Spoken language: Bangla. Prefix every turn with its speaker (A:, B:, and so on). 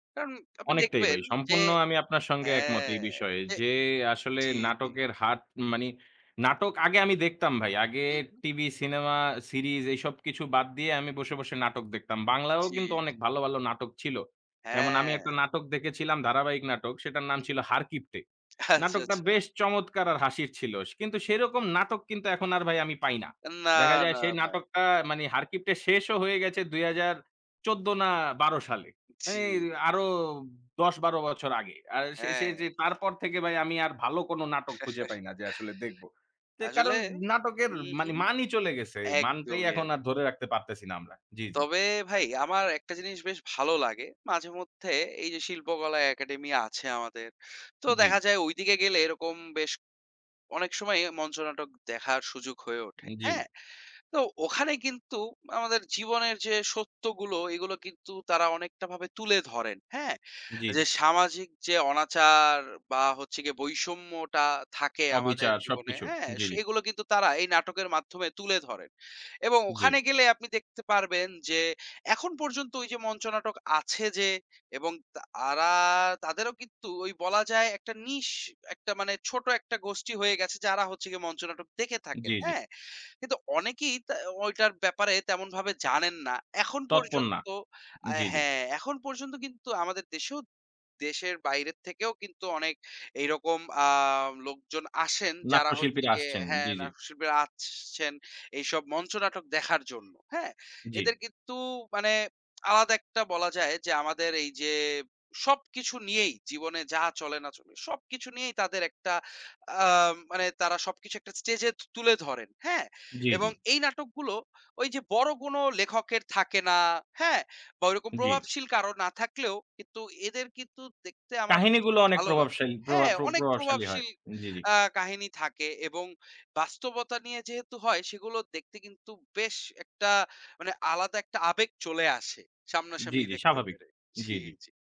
A: কারন আপনি
B: অনেকটাই ভাই।
A: দেখবেন যে
B: সম্পূর্ণ আমি আপনার সঙ্গে একমত
A: হ্যাঁ,
B: এই বিষয়ে।
A: যে
B: যে আসলে
A: জি, জি।
B: নাটকের হার মানি নাটক আগে আমি দেখতাম ভাই। আগে
A: হু, হু।
B: টিভি, সিনেমা, সিরিজ এইসব কিছু বাদ দিয়ে আমি বসে, বসে নাটক দেখতাম। বাংলায়ও
A: জি,
B: কিন্তু অনেক
A: জি।
B: ভালো, ভালো নাটক ছিল। যেমন আমি একটা
A: হ্যাঁ।
B: নাটক দেখেছিলাম। ধারাবাহিক নাটক। সেটার নাম
A: হু,
B: ছিল
A: হু।
B: 'হারকিপটে।'
A: আচ্ছা,
B: নাটকটা
A: আচ্ছা।
B: বেশ চমৎকার আর হাসির ছিল। সে কিন্তু সেরকম নাটক কিন্তু এখন আর ভাই আমি পাই না।
A: আন না,
B: দেখা যায়
A: না,
B: সেই
A: না।
B: নাটকটা মানে 'হারকিপ্টে' শেষও হয়ে গেছে ২০১৪ না ১২ সালে। মানে
A: জি।
B: আ আরো ১০-১২ বছর আগে। আর সে সে
A: হ্যাঁ।
B: যে তারপর থেকে ভাই আমি আর ভালো কোন নাটক খুঁজে পাই না যে আসলে দেখবো। যে
A: আসলে
B: কারণ নাটকের
A: উহু।
B: মানি মানই চলে গেছে। মানটাই
A: একদমই,
B: এখন
A: এক
B: আর ধরে রাখতে পারতেছি না আমরা। জি, জি।
A: তবে ভাই আমার একটা জিনিস বেশ ভালো লাগে। মাঝেমধ্যে এইযে শিল্পকলা একাডেমি আছে আমাদের। তো দেখা
B: জি।
A: যায় ওইদিকে গেলে এরকম বেশ অনেক সময় মঞ্চ নাটক দেখার সুযোগ হয়ে ওঠে,
B: ই
A: হ্যাঁ?
B: জি।
A: তো ওখানে কিন্তু আমাদের জীবনের যে সত্যগুলো এগুলো কিন্তু তারা অনেকটা ভাবে তুলে ধরেন, হ্যাঁ?
B: জি, জি।
A: এইযে সামাজিক যে অনাচার বা হচ্ছে গিয়ে বৈষম্যটা থাকে আমাদের
B: অবিচার,
A: জীবনে,
B: সবকিছু।
A: হ্যাঁ?
B: জি, জি।
A: সেগুলো কিন্তু তারা এই নাটকের মাধ্যমে তুলে ধরেন এবং
B: জি।
A: ওখানে গেলে আপনি দেখতে পারবেন যে এখন পর্যন্ত ওইযে মঞ্চ নাটক আছে যে এবং তারা তাদেরও কিন্তু ওই বলা যায় একটা niche একটা মানে ছোট একটা গোষ্ঠী হয়ে গেছে যারা হচ্ছে গিয়ে মঞ্চ নাটক দেখে
B: জি,
A: থাকেন,
B: জি।
A: হ্যাঁ? কিন্তু অনেকেই তা ঐটার ব্যাপারে তেমনভাবে জানেন না। এখন
B: তৎপর না।
A: পর্যন্ত আ
B: জি, জি।
A: হ্যাঁ, এখন পর্যন্ত কিন্তু আমাদের দেশেও দেশের বাইরে থেকেও কিন্তু অনেক এইরকম আ লোকজন আসেন যারা হচ্ছে
B: নাট্যশিল্পীরা
A: গিয়ে
B: আসছেন।
A: হ্যাঁ
B: জি, জি।
A: নাটক শিল্পীরা আসছেন। এইসব মঞ্চ নাটক দেখার জন্য। হ্যাঁ?
B: জি।
A: এদের কিন্তু মানে আলাদা একটা বলা যায় যে আমাদের এইযে সবকিছু নিয়েই জীবনে যা চলে না চলে সবকিছু নিয়েই তাদের একটা আ মানে তারা সবকিছু একটা স্টেজে তু তুলে ধরেন। হ্যাঁ
B: জি,
A: এবং
B: জি।
A: এই নাটকগুলো ওইযে বড় কোন লেখকের থাকে না। হ্যাঁ? বা ওইরকম
B: জি।
A: প্রভাবশীল কারো না থাকলেও কিন্তু এদের কিন্তু দেখতে আমার বেশ
B: কাহিনীগুলো অনেক
A: ভালো লাগে।
B: প্রভাবশালী প্রভা
A: হ্যাঁ,
B: প্র
A: অনেক
B: প্রভাবশালী হয়।
A: প্রভাবশীল
B: জি, জি।
A: আ কাহিনী থাকে এবং বাস্তবতা নিয়ে যেহেতু হয় সেগুলো দেখতে কিন্তু বেশ একটা মানে আলাদা একটা আবেগ চলে আসে
B: জি,
A: সামনাসামনি
B: জি,
A: দেখতে
B: স্বাভাবিক।
A: পেরে।
B: জি,
A: জি,
B: জি।
A: জি।